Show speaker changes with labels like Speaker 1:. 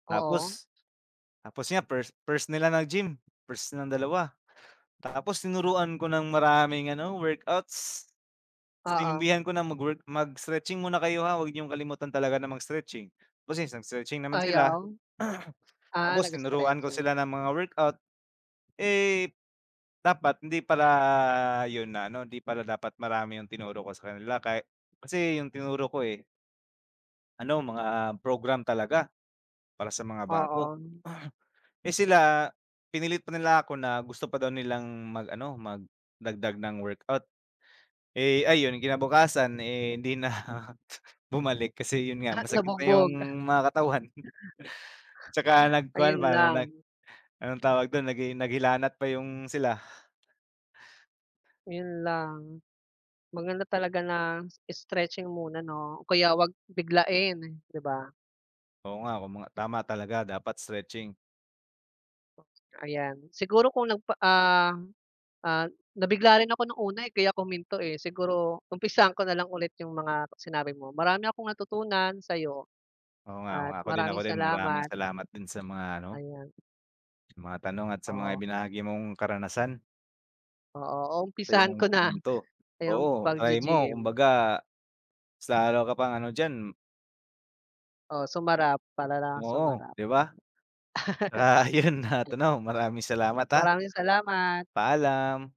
Speaker 1: Oo.
Speaker 2: Tapos tapos nga first first nila nag-gym, first nilang dalawa. Tapos tinuruan ko ng maraming ano workouts.
Speaker 1: Oo.
Speaker 2: Sinabihan ko na mag-work, mag-stretching muna kayo, ha, 'wag niyong kalimutan talaga na mag-stetching. Tapos nag-stretching naman sila.
Speaker 1: Ayaw? Ah,
Speaker 2: Tapos tinuruan ko
Speaker 1: nag-stretching.
Speaker 2: sila ng mga workout. Eh, dapat hindi pala 'yun na ano hindi pala dapat marami 'yung tinuro ko sa kanila kahit kasi 'yung tinuro ko, eh. Ano mga program talaga para sa mga bago.
Speaker 1: Oo.
Speaker 2: Eh, sila pinilit pa nila ako na gusto pa daw nilang mag-ano magdagdag ng workout. Eh, ayun kinabukasan, eh, hindi na bumalik kasi 'yun nga,
Speaker 1: Ah,
Speaker 2: masakit na 'yung
Speaker 1: nabugbog.
Speaker 2: mga katawan. Tsaka nag-kuwan
Speaker 1: Ayun
Speaker 2: pa, nag
Speaker 1: lang.
Speaker 2: anong tawag do'n, nag naghilanat pa 'yung sila.
Speaker 1: Ayun lang, maganda talaga na stretching muna, 'no? Kaya huwag biglain, di ba?
Speaker 2: Oo, nga kung mga tama talaga dapat stretching.
Speaker 1: Ayan siguro kung nagpa ah ah, nabigla rin ako ng una, eh, kaya ko huminto, eh. Siguro umpisahan ko na lang ulit 'yung mga sinabi mo, marami akong natutunan sa'yo.
Speaker 2: Oo nga, oo
Speaker 1: At
Speaker 2: nga. Ako din, ako
Speaker 1: maraming
Speaker 2: din, maraming
Speaker 1: salamat.
Speaker 2: salamat din sa mga ano mo.
Speaker 1: Ayan.
Speaker 2: Mga tanong at sa mga
Speaker 1: Oo.
Speaker 2: ibinahagi mong karanasan.
Speaker 1: Oo, uumpisahan
Speaker 2: Sa'yong
Speaker 1: ko na
Speaker 2: punto.
Speaker 1: 'yung
Speaker 2: Oo, try mo
Speaker 1: pagge-gym.
Speaker 2: kumbaga mas lalo ka pang ano diyan.
Speaker 1: Oh, sumarap talagang
Speaker 2: Oo,
Speaker 1: sumarap.
Speaker 2: di ba? Para, 'yun na at ano, maraming salamat, ah.
Speaker 1: Maraming salamat.
Speaker 2: Paalam.